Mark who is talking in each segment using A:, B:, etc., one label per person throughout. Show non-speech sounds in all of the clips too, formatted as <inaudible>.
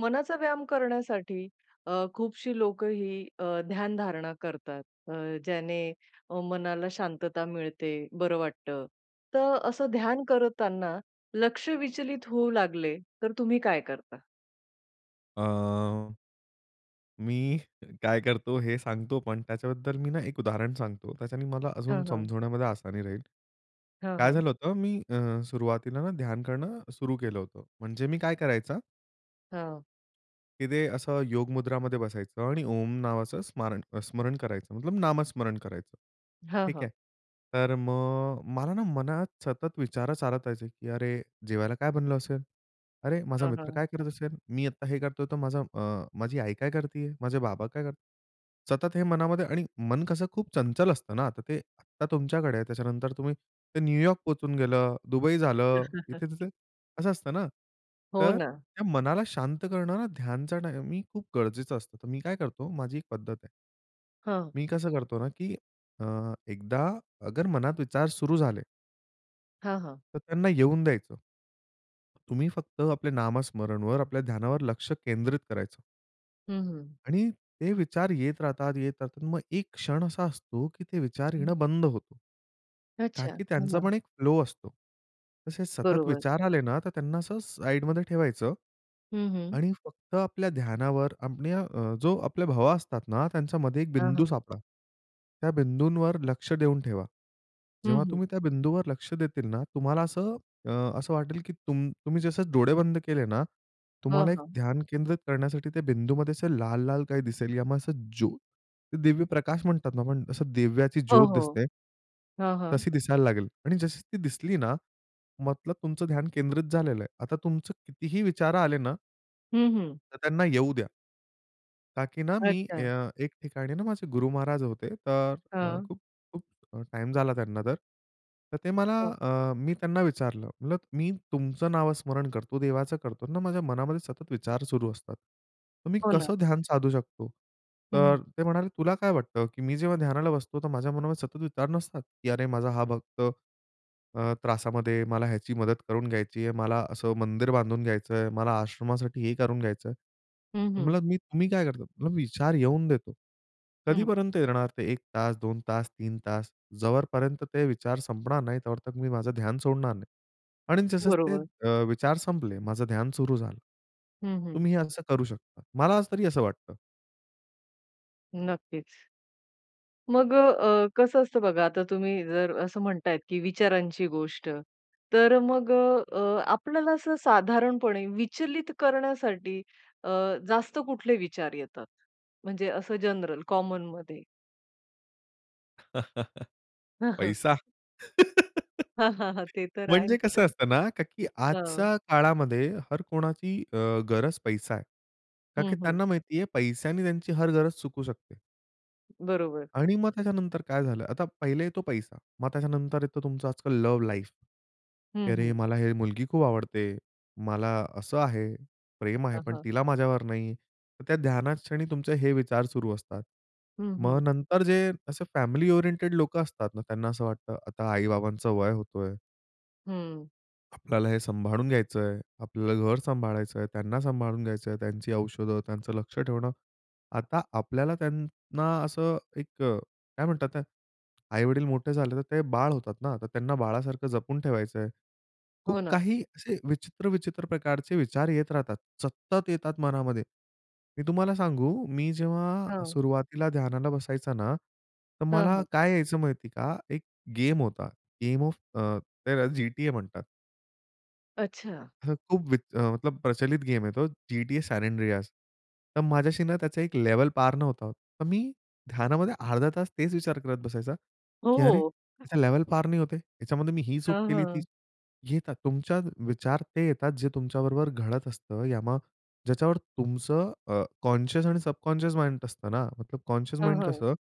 A: मनाचा व्यायाम करण्यासाठी अ, खूपशी लोकं ही अ, ध्यानधारणा करतात. अ, ज्याने मनाला शांतता मिळते, बरं वाटतं. तर असं ध्यान करताना लक्ष विचलित होऊ लागले, तर तुम्ही काय करता?
B: अ. मी काय करतो हे सांगतो पण त्याच्याबद्दल मी ना 1 उदाहरण सांगतो. त्याच्याने मला अजून
A: हां, हां.
B: समजवण्यामध्ये आसानी राहील.
A: हां,
B: काय
A: हां.
B: झालं होतं मी अ, सुरुवातीला ना ध्यान करणं सुरू केलं होतं. म्हणजे मी काय करायचा
A: हां.
B: की ते असं योग मुद्रामध्ये बसायचं आणि ओम नावाचं स्मारण स्मरण करायचं मतलब नामस्मरण करायचं.
A: हां,
B: ठीक आहे.
A: हां.
B: तर मग मला ना मनात सतत विचार चालतायचे की "अरे! जेवायला काय बनलं असेल? अरे माझा
A: हां,
B: मित्र
A: हां.
B: काय करत असेल? मी आता हे करतोय तर माझा अ, माझी आई काय करतीये? माझे बाबा काय करतायत?" सतत हे मनामध्ये. आणि मन कसं खूप चंचल असतं ना. तर ते आत्ता तुमच्याकडे आहे त्याच्यानंतर तुम्ही ते न्यूयॉर्क पोहचून गेलं, दुबई झालं इथे
A: <chuckles>
B: तिथे. असं असतं ना.
A: हो,
B: तर
A: ना.
B: त्या मनाला शांत करणारा ध्यानचा टाइमही खूप गरजेचं असतं. तर मी काय करतो माझी 1 पद्धत आहे.
A: हां.
B: मी कसं करतो ना की अ, एकदा अगर मनात विचार सुरू झाले.
A: हां, हां.
B: तर त्यांना येऊन द्यायचं. तुम्ही फक्त आपल्या नामस्मरणवर आपल्या ध्यानावर लक्ष केंद्रित करायचं.
A: हं, हं.
B: आणि ते विचार येत राहतात, येत राहतात मग एक क्षण असा असतो की ते विचार
A: हं.
B: येणं बंद होतो.
A: अच्छा!
B: ताकी त्यांचा
A: हां.
B: पण एक फ्लो असतो. तसे सतत
A: बरोबर.
B: विचार आले ना तर त्यांना असं साईडमध्ये ठेवायचं.
A: हं, हं.
B: आणि फक्त आपल्या ध्यानावर अपण्या अ, जो आपल्या भवा असतात ना त्यांच्यामध्ये 1
A: हां,
B: बिंदू
A: हां.
B: सापडा. त्या बिंदूंवर लक्ष देऊन ठेवा.
A: हं,
B: जेव्हा
A: हं.
B: तुम्ही त्या बिंदूवर लक्ष देतील ना तुम्हाला असं अ, असं वाटेल की तुम तुम्ही जसं डोळे बंद केले ना
A: हां,
B: तुम्हाला एक
A: हां.
B: ध्यान केंद्रित करण्यासाठी त्या बिंदूमध्ये असं लाल-लाल काही दिसेल यामुळे असं ज्योत, ते दिव्य प्रकाश म्हणतात ना पण असं दिव्याची
A: हो,
B: ज्योत
A: हो.
B: दिसते.
A: हां, हां.
B: तशी दिसायला लागेल आणि जशी ती दिसली ना मतलब तुमचं ध्यान केंद्रित झालेलं आहे. आता तुमचं कितीही विचार आले ना
A: हं, हं.
B: तर त्यांना येऊ द्या. ताकी ना मी
A: अच्छा.
B: अ, एक ठिकाणी ना माझे गुरु महाराज होते तर
A: हां.
B: खूप-खूप टाईम झाला त्यांना तर. तर ते मला
A: हां.
B: अ, मी त्यांना विचारलं म्हणलं, "मी तुमचं नाव स्मरण करतो देवाचं करतो ना माझ्या मनामध्ये सतत विचार सुरू असतात. तर मी
A: हो ना.
B: कसं ध्यान साधू शकतो?" तर
A: हं.
B: ते म्हणाले, "तुला काय वाटतं की मी जेव्हा ध्यानाला बसतो तर माझ्या मनामध्ये सतत विचार नसतात की अरे माझा हा भक्त अ, त्रासामध्ये मला ह्याची मदत करून घ्यायची आहे, मला असं मंदिर बांधून घ्यायचंय, मला आश्रमासाठी हे करून घ्यायचंय.
A: हं, हं.
B: म्हणलं मी काय करतो? विचार येऊन देतो.
A: हं.
B: कधीपर्यंत येणार ते 1 तास, 2 तास, 3 तास जो पर्यंत ते विचार संपणार नाही त्यावर मी माझं ध्यान सोडणार नाही." आणि जसं ते
A: बरोबर.
B: अ, विचार संपले माझं ध्यान सुरू झालं.
A: हं, हं.
B: तुम्ही असं करू शकता. मला तरी असं वाटतं.
A: नक्कीच. मग अ, कसं असतं बघा? आता तुम्ही जर असं म्हणतायेत की विचारांची गोष्ट. तर मग अ, आपल्याला असं साधारणपणे विचलित करण्यासाठी अ, जास्त कुठले विचार येतात? म्हणजे असं जनरल कॉमनमध्ये.
B: <laughs>
A: <chuckles>
B: पैसा? <giggles>
A: हां, हां, हां. ते तर
B: म्हणजे कसं
A: आहेच.
B: असतं ना का की
A: हं.
B: आजच्या काळामध्ये हर कोणाची अ, गरज पैसा आहे. कारण की
A: हं, हं.
B: त्यांना माहिती आहे पैशाने त्यांची हर गरज चुकू शकते.
A: बरोबर.
B: आणि मग त्याच्यानंतर काय झालं आता पहिले येतो पैसा मग त्याच्यानंतर येतो तुमचं आजकाल लव्ह लाईफ. की
A: हं,
B: "अरे,
A: हं.
B: मला ही मुलगी खूप आवडते. मला असं आहे, प्रेम आहे
A: हां,
B: पण
A: हां.
B: तिला माझ्यावर नाही." तर त्या ध्यानात क्षणी तुमचे हे विचार सुरू असतात.
A: हं,
B: मग
A: हं.
B: नंतर जे असे फॅमिली ओरिएंटेड लोकं असतात ना त्यांना असं वाटतं, "आता आई-बाबांचं वय होतोय."
A: हं.
B: "आपल्याला हे सांभाळून घ्यायचंय, आपल्याला घर सांभाळायचं आहे त्यांना सांभाळून घ्यायचं आहे, त्यांची औषधं त्यांचं लक्ष ठेवणं" आता आपल्याला त्यांना असं एक काय म्हणतात ते आई-वडील मोठे झाले तर ते बाळ होतात. ना तर त्यांना बाळासारखं जपून ठेवायचं आहे. खूप
A: हो ना.
B: काही असे विचित्र-विचित्र प्रकारचे विचार येत राहतात सतत येतात मनामध्ये. मी तुम्हाला सांगू मी जेव्हा
A: हां.
B: सुरुवातीला ध्यानाला बसायचा ना तर
A: हं,
B: मला
A: हं.
B: काय यायचं माहिती आहे का एक गेम होता, गेम ऑफ अ, त्याला GTA म्हणतात.
A: अच्छा.
B: हं, खूप वीत मतलब प्रचलित गेम आहे तो GTA San Andreas तर माझ्याशी ना त्याचा 1 लेव्हल पार नव्हता होत. तर मी ध्यानामध्ये अर्धा तास तेच विचार करत बसायचा
A: हो,
B: की "अरे
A: हो.
B: त्याच्या लेव्हल पार नाही होते. त्याच्यामध्ये मी ही चूक
A: हां,
B: केली, ती"
A: हां.
B: येतात तुमच्या विचार ते येतात जे तुमच्याबरोबर घडत असतं या मग ज्याच्यावर तुमचं अ, कॉन्शियस आणि सबकॉन्शियस माइंड असतं ना. मतलब कॉन्शियस
A: हां,
B: माइंड
A: हां.
B: कसं?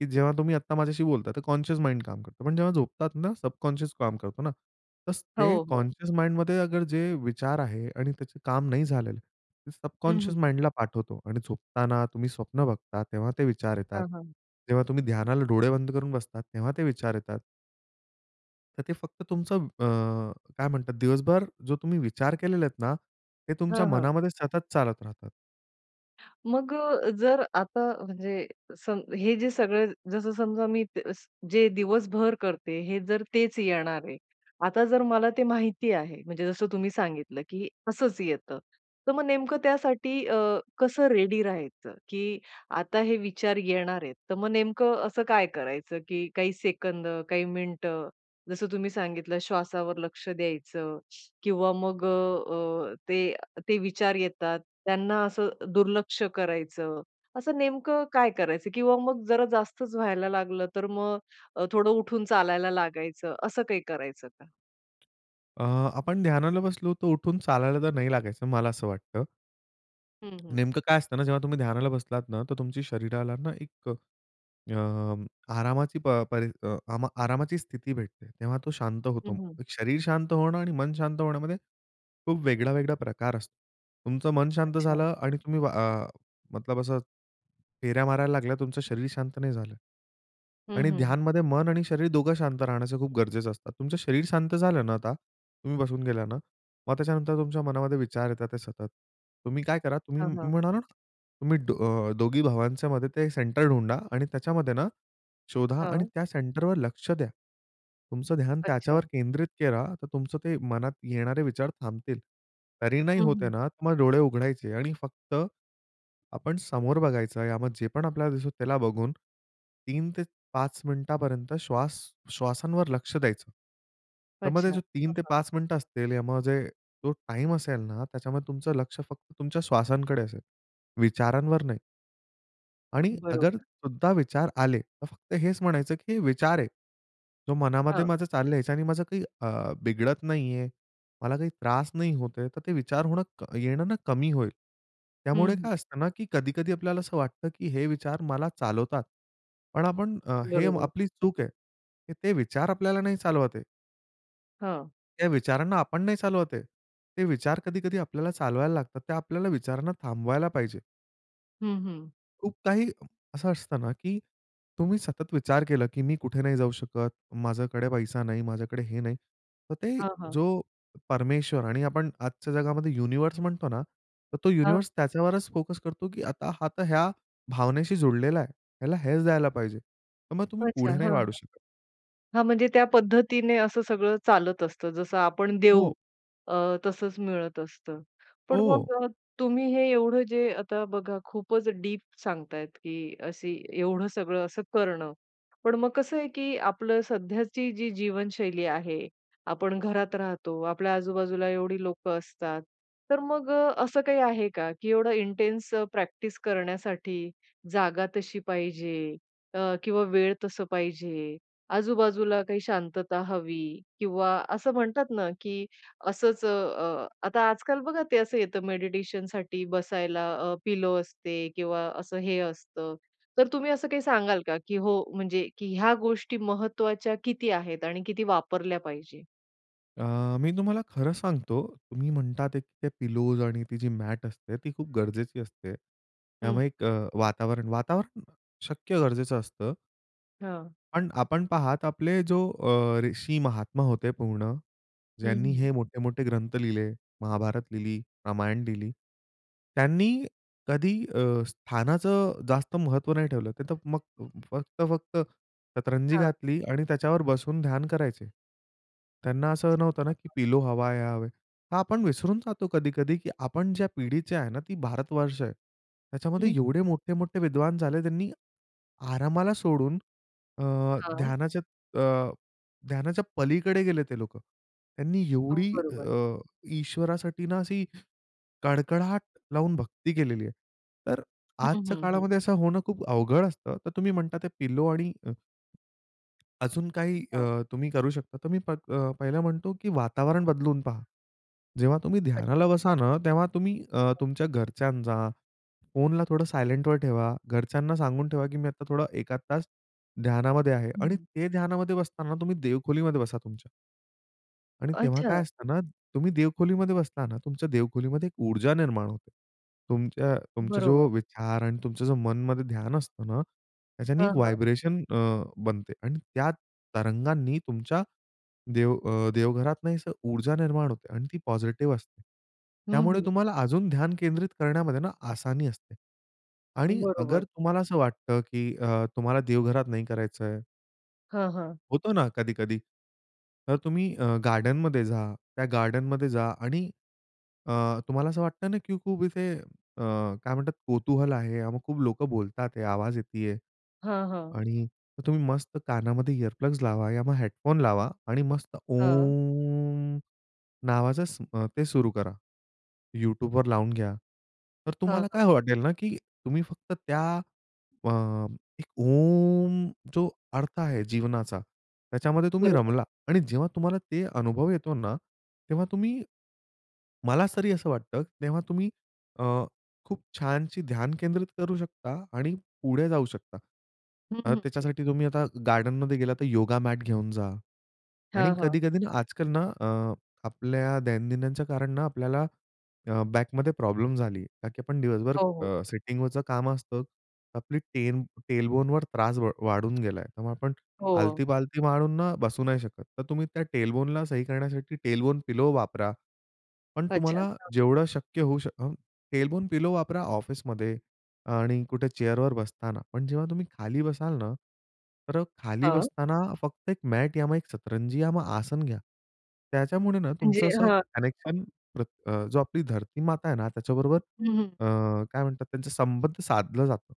B: की जेव्हा तुम्ही आत्ता माझ्याशी बोलताय तर कॉन्शियस माइंड काम करतो. पण जेव्हा झोपतात ना सबकॉन्शियस काम करतो ना. तसं ते
A: हो, हो.
B: कॉन्शियस माइंडमध्ये अगर जे विचार आहे आणि त्याचे काम नाही झालं ते
A: हं,
B: सबकॉन्शियस
A: हं.
B: माइंडला पाठवतो आणि झोपताना तुम्ही स्वप्न बघता तेव्हा ते विचार येतात.
A: हां, हां.
B: तेव्हा तुम्ही ध्यानाला डोळे बंद करून बसतात तेव्हा ते विचार येतात. तर ते फक्त तुमचं अ, काय म्हणतात दिवसभर जो तुम्ही विचार केलेला आहेत ना ते तुमच्या
A: हां, हां.
B: मनामध्ये सतत चालत राहतात.
A: मग जर आता म्हणजे स हे जे सगळं जसं समजा मी स जे दिवसभर करते हे जर तेच येणार आहे. आता जर मला ते माहिती आहे, म्हणजे जसं तुम्ही सांगितलं की "असंच येतं." तर मग नेमकं त्यासाठी अ, कसं रेडी राहायचं की आता हे विचार येणार आहेत. तर मग नेमकं असं काय करायचं की काही सेकंद, काही मिनिटं जसं तुम्ही सांगितलं "श्वासावर लक्ष द्यायचं किंवा मग अ, ते ते विचार येतात, त्यांना असं दुर्लक्ष करायचं." असं नेमकं काय करायचं किंवा मग जरा जास्तच व्हायला लागलं, तर मग अ, थोडं उठून चालायला लागायचं, असं काही करायचं का?
B: अ, आपण ध्यानाला बसलो तर उठून चालायला तर नाही लागायचं, मला असं वाटतं.
A: हं, हं.
B: नेमकं काय असतं ना, जेव्हा तुम्ही ध्यानाला बसलात ना तर तुमची शरीराला ना एक अ, आरामाची परी आरामाची स्थिती भेटते. तेव्हा तो शांत होतो.
A: हं, हं.
B: शरीर शांत होणं आणि मन शांत होण्यामध्ये खूप वेगळा-वेगळा प्रकार असतो. तुमचं मन शांत
A: अच्छा.
B: झालं. आणि तुम्ही अ, मतलब असं, फेऱ्या मारायला लागल्या, तुमचं शरीर शांत नाही झालं.
A: हं,
B: आणि
A: हं, हं.
B: ध्यानमध्ये मन आणि शरीर दोघं शांत राहण्याचं खूप गरजेचं असतं. तुमचं शरीर शांत झालं ना आता. तुम्ही बसून गेला ना मग त्याच्यानंतर तुमच्या मनामध्ये विचार येतात ते सतत. तुम्ही काय करा, तुम्ही
A: हां, हां.
B: म्हणा ना तुम्ही अ, दोघी भावांच्यामध्ये ते सेंटर ढुंडा आणि त्याच्यामध्ये ना शोधा आणि
A: हं.
B: त्या सेंटरवर लक्ष द्या. तुमचं ध्यान
A: अच्छा.
B: त्याच्यावर केंद्रित करा. तर तुमचं ते मनात येणारे विचार थांबतील. तरी नाही
A: हं,
B: होत आहे
A: हं.
B: ना तर मग डोळे उघडायचे आणि फक्त आपण समोर बघायचं. या मग जे पण आपल्याला दिसतो त्याला बघून 3 ते 5 मिनिटापर्यंत श्वास श्वासांवर लक्ष द्यायचं. त्यामध्ये
A: अच्छा.
B: जो
A: हां,
B: 3 ते
A: हां.
B: 5 मिनिट असतील म्हणजे जो टाईम असेल ना त्याच्यामध्ये तुमचं लक्ष फक्त तुमच्या श्वासांकडे असेल. विचारांवर नाही. आणि अगर
A: बरोबर.
B: सुद्धा विचार आले तर फक्त हेच म्हणायचं की हे विचार आहे, तो मनामध्ये
A: हं.
B: माझं चालल्याचं आणि माझं काही अ, बिघडत नाहीये. मला काही त्रास नाही होत आहे. तर ते विचार होणं येणं ना, क कमी होईल.
A: हं,
B: त्यामुळे
A: हं.
B: काय असतं ना की कधी, कधी आपल्याला असं वाटतं की हे विचार मला चालवतात. पण आपण हे
A: बरोबर.
B: आपली चूक आहे. ते विचार आपल्याला नाही चालवत आहे.
A: हां.
B: या विचारांना आपण नाही चालवत आहे. ते विचार कधी, कधी आपल्याला चालवायला लागतात. ते आपल्याला विचारांना थांबवायला पाहिजे.
A: हं, हं.
B: खूप काही असं असतं ना की तुम्ही सतत विचार केला की मी कुठे नाही जाऊ शकत, माझ्याकडे पैसा नाही, माझ्याकडे हे नाही. तर ते
A: हां, हां.
B: जो परमेश्वर आणि आपण आजच्या जगामध्ये युनिव्हर्स म्हणतो ना, तर तो
A: हां.
B: युनिव्हर्स त्याच्यावरच फोकस करतो की आता हा तर या भावनेशी जुडलेला आहे. याला हेच द्यायला पाहिजे. तर मग तुम्ही
A: अच्छा
B: पुढे नाही
A: हां.
B: वाढू शकत.
A: हां म्हणजे त्या पद्धतीने असं सगळं चालत असतं. जसं आपण देऊ
B: हो.
A: अ, तसंच मिळत असतं. पण
B: हो.
A: मग अ, तुम्ही हे एवढं जे आता बघा खूपच डिप सांगतायेत की अशी एवढं सगळं असं करणं. पण मग कसं आहे की आपली सध्याची जी जीवनशैली आहे. आपण घरात राहतो. आपल्या आजूबाजूला एवढी लोकं असतात. तर मग अ, असं काही आहे का की एवढं इंटेन्स प्रॅक्टिस करण्यासाठी जागा तशी पाहिजे अ, किंवा वेळ तसा पाहिजे, आजूबाजूला काही शांतता हवी किंवा असं म्हणतात ना की असंच अ, आता आजकाल बघा ते असं येतं, मेडिटेशनसाठी बसायला अ, पिलो असते किंवा असं हे असतं. तर तुम्ही असं काही सांगाल का? की हो म्हणजे ह्या गोष्टी महत्त्वाच्या किती आहेत आणि किती वापरल्या पाहिजेत?
B: अ, मी तुम्हाला खरं सांगतो तुम्ही म्हणतात एक ते पिलोज आणि ती जी मॅट असते ती खूप गरजेची असते.
A: हं.
B: त्यामुळे एक अ, वातावरण वातावरण शक्य गरजेचं असतं
A: हां.
B: पण आपण पहात आपले जो अ, ऋषी महात्मा होते पूर्ण.
A: हं,
B: ज्यांनी
A: हं.
B: हे मोठे-मोठे ग्रंथ लिहिले महाभारत लिहिली, रामायण लिहिली. त्यांनी कधी अ, स्थानाचं जास्त महत्व नाही ठेवलं. ते तर मग फक्त-फक्त शतरंजी
A: हां.
B: घातली आणि त्याच्यावर बसून ध्यान करायचे. त्यांना असं नव्हतं ना की
A: <unintelligible>
B: "पिलो हवा हे हवाय" हां. आपण विसरून जातो कधी-कधी की आपण ज्या पिढीचे आहे ना ती भारतवर्ष आहे. त्याच्यामध्ये
A: हं.
B: एवढे मोठे-मोठे विद्वान झाले त्यांनी आरामाला सोडून अ,
A: हां.
B: ध्यानाच्या अ, ध्यानाच्या पलीकडे गेले ते लोकं. त्यांनी
A: हो,
B: एवढी
A: बरोबर.
B: अ, ईश्वरासाठी ना अशी कडकडाट लावून भक्ती केलेली आहे. तर
A: हं,
B: आजच्या
A: हं, हं.
B: काळामध्ये असं होणं खूप अवघड असतं तर तुम्ही म्हणता ते पिलो आणि अ अजून काही
A: हां.
B: अ, तुम्ही करू शकता तर अ, मी पहिलं म्हणतो की वातावरण बदलून पहा. जेव्हा तुम्ही
A: अच्छा.
B: ध्यानाला बसा ना तेव्हा तुम्ही अ, तुमच्या घरच्यांचा फोनला थोडं सायलेंटवर ठेवा, घरच्यांना सांगून ठेवा की मी आता थोडं एखाद तास ध्यानामध्ये आहे आणि
A: हम्म.
B: ते ध्यानामध्ये बसताना तुम्ही देवखोलीमध्ये बसा तुमच्या. आणि तेव्हा काय
A: अच्छा.
B: असतं ना तुम्ही देवखोलीमध्ये बसताना तुमच्या देवखोलीमध्ये एक ऊर्जा निर्माण होते. तुमच्या तुमचा
A: बरोबर.
B: जो विचार आणि तुमचं जो मनमध्ये ध्यान असतं ना त्याच्याने
A: हं, हं.
B: व्हायब्रेशन अ, बनते आणि त्या तरंगांनी तुमच्या देव अ, देवघरातनं असं ऊर्जा निर्माण होते आणि ती पॉझिटिव्ह असते.
A: हं,
B: त्यामुळे
A: हं.
B: तुम्हाला अजून ध्यान केंद्रित करण्यामध्ये ना आसानी असते. आणि
A: बरोबर.
B: अगर तुम्हाला असं वाटतं की अ, तुम्हाला देवघरात नाही करायचंय
A: हां, हां.
B: होतो ना कधी-कधी. तर तुम्ही अ, गार्डनमध्ये जा. त्या गार्डनमध्ये जा आणि अ, तुम्हाला असं वाटतं ना की खूप इथे अ, काय म्हणतात कुतूहल आहे मग खूप लोकं बोलतात, आवाज येतीये.
A: हां, हां.
B: आणि मग तुम्ही मस्त कानामध्ये इअर प्लग्स लावा किंवा मग हेडफोन लावा आणि मस्त
A: हं.
B: ओम, नावाच स ते सुरू करा. YouTubeवर लावून घ्या. तर
A: हां,
B: तुम्हाला
A: हां.
B: काय वाटेल ना की तुम्ही फक्त त्या अ, एक ओम जो अर्थ आहे जीवनाचा त्याच्यामध्ये तुम्ही
A: बरोबर.
B: रमला आणि जेव्हा तुम्हाला ते अनुभव येतो ना तेव्हा तुम्ही मला तरी असं वाटतं तेव्हा तुम्ही अ, खूप छानशी ध्यान केंद्रित करू शकता आणि पुढे जाऊ शकता.
A: हं,
B: कारण
A: हं.
B: त्याच्यासाठी तुम्ही आता गार्डनमध्ये गेलात तर योगा मॅट घेऊन जा आणि
A: हां, हां.
B: कधी-कधी ना आजकाल ना अ, आपल्या दैनंदिनच्या कारण ना आपल्याला बॅकमध्ये प्रॉब्लेम झाली कारण की आपण दिवसभर
A: हो, हो.
B: अ, सिटिंग वरचं काम असतं आपली टेल टेल बोन वर त्रास वाढून गेला. त्यामुळे आपण ना
A: हो.
B: आलती-पालती मारून ना बसू नाही शकत तर तुम्ही त्या टेल बोनला सही करण्यासाठी टेल बोन पिलो वापरा. पण
A: अच्छा.
B: तुम्हाला
A: हां.
B: जेवढं शक्य होऊ शकतं अ, टेल बोन पिलो वापरा ऑफिसमध्ये. आणि कुठे चेअर वर बसताना पण जेव्हा तुम्ही खाली बसाल ना तर खाली
A: हां.
B: बसताना फक्त एक मॅट या मग एक सतरंजी आसन घ्या. त्याच्यामुळे ना
A: म्हणजे?
B: तुमचं असं
A: हां.
B: कनेक्शन पर अ, जो आपली धरती माता आहे ना त्याच्याबरोबर
A: हं, हं.
B: अ, काय म्हणतात त्याचा संबंध साधलं जातं.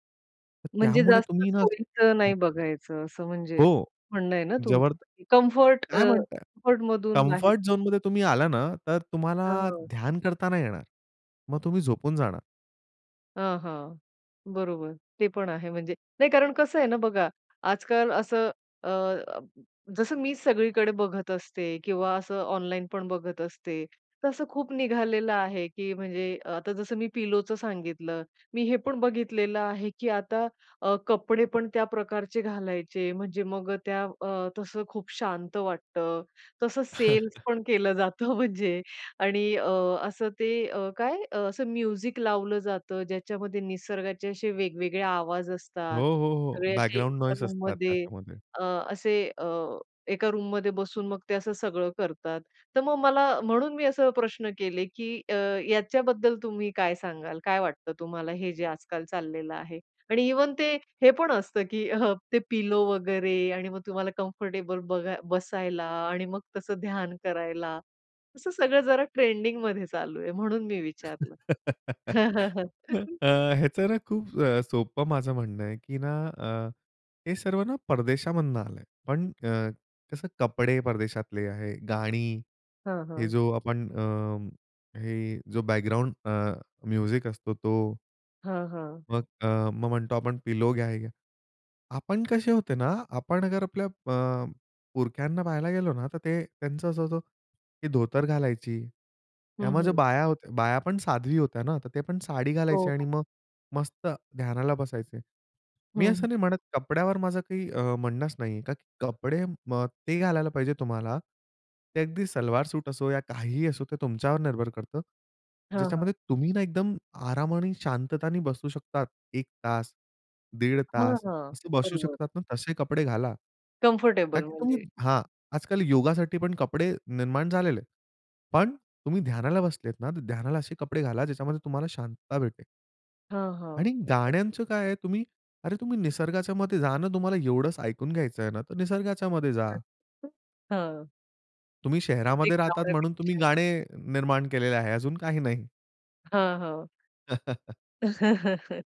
B: तर
A: म्हणजे
B: त्यामुळे
A: जास्त
B: तुम्ही ना
A: सोयीचं
B: हो.
A: नाही बघायचं, असं म्हणजे
B: हो.
A: म्हणणं आहे ना
B: जोवर
A: तुमचं कम्फर्ट अ,
B: काय म्हणताय?
A: कम्फर्टमधून बाहेर.
B: कम्फर्ट झोनमध्ये तुम्ही आला ना तर तुम्हाला
A: हां, हां.
B: ध्यान करता नाही येणार. मग तुम्ही झोपून जाणार.
A: हां, हां. बरोबर. ते पण आहे म्हणजे. नाही कारण कसं आहे ना बघा, आजकाल असं अ जसं मी सगळीकडे बघत असते किंवा असं ऑनलाईन पण बघत असते. तसं खूप निघालेलं आहे की म्हणजे अ, आता जसं मी पिलोचं सांगितलं. मी हे पण बघितलेलं आहे की आता अ, कपडे पण त्या प्रकारचे घालायचे. म्हणजे मग त्या अ, तसं खूप शांत वाटतं, तसं सेल्स
B: <chuckles>
A: पण केलं जातं म्हणजे. आणि अ, असं ते अ, काय असं म्युझिक लावलं जातं. ज्याच्यामध्ये निसर्गाचे असे वेगवेगळे आवाज
B: हो,
A: असतात.
B: हो, हो.
A: सगळे असे
B: बॅकग्राउंड
A: एका
B: नॉईज असतात
A: रूममध्ये
B: त्याच्यामध्ये.
A: अ, असे अ, एका रूममध्ये बसून मग ते असं सगळं करतात. तर मग मला म्हणून मी असे प्रश्न केले की अ, याच्याबद्दल तुम्ही काय सांगाल? काय वाटतं तुम्हाला हे जे आजकाल चाललेलं आहे? आणि इव्हन ते हे पण असतं की <chuckles> ते पिलो वगैरे आणि मग तुम्हाला कम्फर्टेबल बघा बसायला आणि मग तसं ध्यान करायला. असं सगळं जरा ट्रेंडिंगमध्ये चालू आहे म्हणून मी विचारलं.
B: <laughs> अ,
A: <laughs>
B: ह्याचं ना खूप अ, सोपं माझं म्हणणं आहे की ना अ, हे सर्व ना परदेशामधून आलंय. पण अ, कसं कपडे परदेशातले आहे, गाणी,
A: हां,
B: हे
A: हां.
B: जो आपण अ, हे जो बॅकग्राऊंड अ, म्युझिक असतो तो.
A: हां, हां.
B: मग अ, मग म्हणतो आपण पिलो घ्या, हे घ्या. आपण कसे होते ना आपण जर आपल्या अ, पुरख्यांना पाहायला गेलो ना तर ते त्यांचं असं होतं, की धोतर घालायची.
A: हं,
B: त्यामध्ये
A: हं.
B: बाया होत्या बाया पण साध्वी होत्या ना तर ते पण साडी
A: हो,
B: घालायची आणि
A: हो.
B: मग मस्त ध्यानाला बसायचे.
A: हं,
B: मी
A: हं.
B: असं नाही म्हणत कपड्यावर माझं काही अ, म्हणणंच नाही का की कपडे अ, ते घालायला पाहिजे तुम्हाला ते अगदी सलवार सूट असो या काहीही असो ते तुमच्यावर निर्भर करतं.
A: हां, हां.
B: ज्याच्यामध्ये तुम्ही ना एकदम आराम आणि शांतताने बसू शकतात. 1 तास, दीड
A: हां,
B: तास
A: हां
B: असं बसू
A: बरोबर.
B: शकतात ना तसे कपडे घाला. का
A: कम्फर्टेबल
B: की तुम्ही
A: म्हणजे.
B: हां आजकाल योगासाठी पण कपडे निर्माण झालेले आहेत. पण तुम्ही ध्यानाला बसलेत ना तर ध्यानाला असे कपडे घाला ज्याच्यामध्ये तुम्हाला शांतता भेटेल.
A: हां, हां.
B: आणि
A: नक्कीच.
B: गाण्यांचं काय आहे तुम्ही अरे तुम्ही निसर्गाच्यामध्ये जा ना तुम्हाला एवढंच ऐकून घ्यायचं आहे ना तर निसर्गाच्यामध्ये जा.
A: हं.
B: तुम्ही शहरामध्ये राहतात म्हणून तुम्ही
A: <unintelligible>
B: गाणे निर्माण केलेले आहे अजून काही नाही.
A: हां, हां.
B: <chuckles>
A: <chuckles>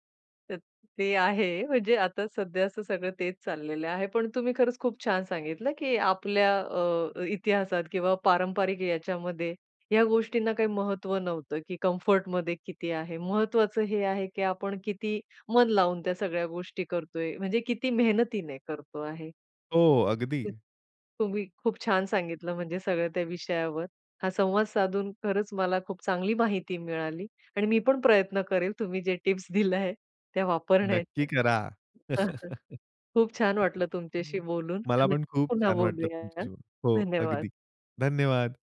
A: अ, ते आहे म्हणजे आता सध्या असं सगळं तेच चाललेलं आहे. पण तुम्ही खरंच खूप छान सांगितलं, की आपल्या अ, इतिहासात किंवा पारंपारिक याच्यामध्ये ह्या गोष्टींना काही महत्व नव्हतं, की कम्फर्टमध्ये किती आहे, महत्वाचं हे आहे, की आपण किती मन लावून त्या सगळ्या गोष्टी करतोय, म्हणजे किती मेहनतीने करतो आहे.
B: हो अगदी.
A: तुम्ही खूप छान सांगितलं म्हणजे सगळं त्या विषयावर. हा संवाद साधून खरंच मला खूप चांगली माहिती मिळाली आणि मी पण प्रयत्न करेल तुम्ही जे टिप्स दिल्या आहे त्या
B: नक्की
A: वापरण्याच्या.
B: करा.
A: <chuckles> खूप छान वाटलं
B: <chuckles>
A: तुमच्याशी बोलून.
B: मला
A: नक्की
B: पण खूप
A: पुन्हा
B: छान वाटलं
A: बोलूया.
B: तुमच्याशी बोलून. हो
A: धन्यवाद.
B: अगदी. धन्यवाद.